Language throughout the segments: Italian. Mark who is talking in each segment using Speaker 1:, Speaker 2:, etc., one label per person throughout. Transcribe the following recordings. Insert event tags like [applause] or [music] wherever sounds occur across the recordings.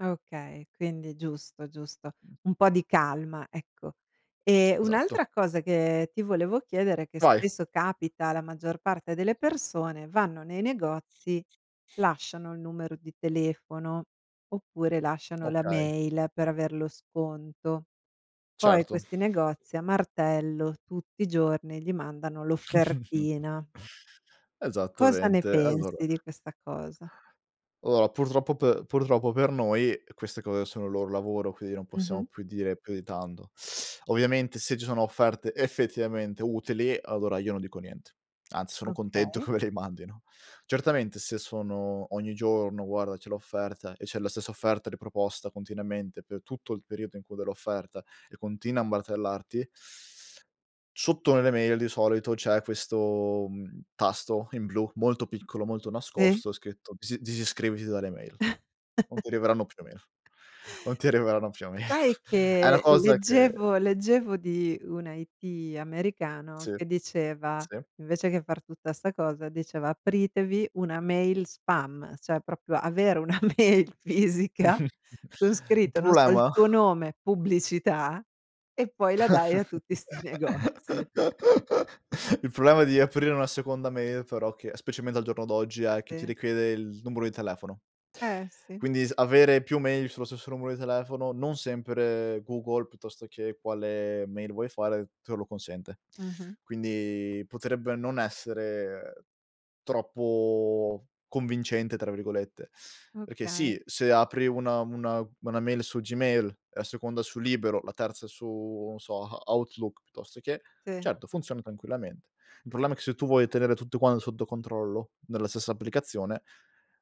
Speaker 1: Okay. Quindi, giusto, giusto. Un po' di calma, ecco. Eh,
Speaker 2: Esatto.
Speaker 1: un'altra cosa che ti volevo chiedere è che
Speaker 2: Vai.
Speaker 1: spesso capita la maggior parte delle persone, vanno nei negozi, lasciano il numero di telefono oppure lasciano la
Speaker 2: Okay.
Speaker 1: mail per aver lo sconto. Poi
Speaker 2: Certo.
Speaker 1: questi negozi a martello, tutti i giorni gli mandano
Speaker 2: [chuckles]
Speaker 1: l'offertina. Cosa ne
Speaker 2: Esattamente, allora
Speaker 1: pensi di questa cosa?
Speaker 2: Allora, purtroppo per purtroppo per noi, queste cose sono il loro lavoro, quindi non possiamo
Speaker 1: Mh-mh.
Speaker 2: più dire più di tanto. Ovviamente se ci sono offerte effettivamente utili, allora io non dico niente, anzi sono contento
Speaker 1: Okay.
Speaker 2: che me le mandino. Certamente se sono ogni giorno: "Guarda, c'è l'offerta." e c'è la stessa offerta riproposta continuamente per tutto il periodo in cui dell'offerta e continua a martellarti Sotto nelle mail di solito c'è questo, mhmm, tasto in blu molto piccolo, molto
Speaker 1: Sì.
Speaker 2: nascosto, scritto disi disiscriviti dalle mail. Non
Speaker 1: [chuckles]
Speaker 2: ti arriveranno più mail, non ti arriveranno più mail.
Speaker 1: Sai
Speaker 2: [chuckles] È una
Speaker 1: che
Speaker 2: cosa che
Speaker 1: leggevo leggevo di una IT americano
Speaker 2: Sì,
Speaker 1: che diceva
Speaker 2: sì.
Speaker 1: invece che far tutta sta cosa, diceva: "Apritevi una mail spam" cioè proprio avere una mail fisica
Speaker 2: [chuckles]
Speaker 1: con
Speaker 2: Il
Speaker 1: scritto, non so, il
Speaker 2: problema
Speaker 1: tuo nome, pubblicità e poi la dai a tutti sti negozi.
Speaker 2: [laughs] Il problema di aprire una seconda mail però che, specialmente al giorno d'oggi, è che ti
Speaker 1: Sì.
Speaker 2: richiede il numero di telefono.
Speaker 1: Eh, sì.
Speaker 2: Quindi s avere più mail sullo stesso numero di telefono non sempre Google piuttosto che quale mail vuole fare, te lo consente.
Speaker 1: Mh-mh.
Speaker 2: Quindi, potrebbe non essere troppo "convincente" tra virgolette. Perché
Speaker 1: Okay.
Speaker 2: sì, se apri una una una mail su Gmail, la seconda su libero, la terza su, non so, a Outlook piuttosto che,
Speaker 1: Sì.
Speaker 2: certo, funziona tranquillamente. Il problema è che se tu vuoi tenere tutto quan sotto controllo nella stessa applicazione,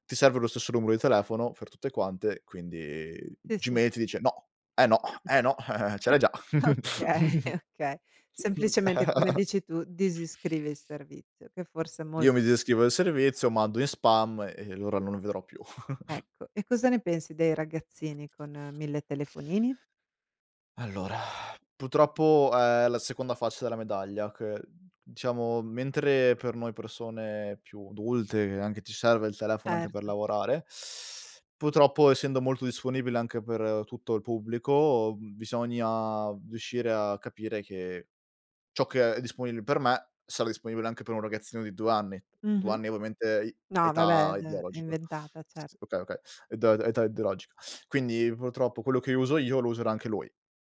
Speaker 2: ti serve lo stesso numero di telefono per tutte quante, quindi
Speaker 1: Sì, s
Speaker 2: gmail ti dice: "No. Eh, no. Eh, no. Eh-eh, ce
Speaker 1: [chuckles]
Speaker 2: l'hai già."
Speaker 1: Okay, okay. Semplicemente come
Speaker 2: [giggles]
Speaker 1: dici tu, disiscrivi il servizio. Che forse è
Speaker 2: Io
Speaker 1: molto
Speaker 2: mi
Speaker 1: se
Speaker 2: disiscrivo del servizio, mando in spam e allora non lo vedrò più. [chuckles]
Speaker 1: Ecco, e cosa ne pensi dei ragazzini con 1000 telefonini?
Speaker 2: [sighs] Allora, purtroppo è la seconda faccia della medaglia che, diciamo, mentre per noi persone più adulte anche ti serve il telefono anche per
Speaker 1: Erto.
Speaker 2: lavorare, purtroppo essendo molto disponibile anche per tutto il pubblico, bisogna riuscire a capire che ciò che è disponibile per me sarà disponibile anche per un ragazzino di 2 anni, 2
Speaker 1: Mh-mh.
Speaker 2: anni ovviamente i
Speaker 1: No,
Speaker 2: età
Speaker 1: vabbè, d è
Speaker 2: ideologica.
Speaker 1: inventata, cer
Speaker 2: S okay, okay. Edà età ideologica. Quindi, purtroppo quello che uso io lo userà anche lui.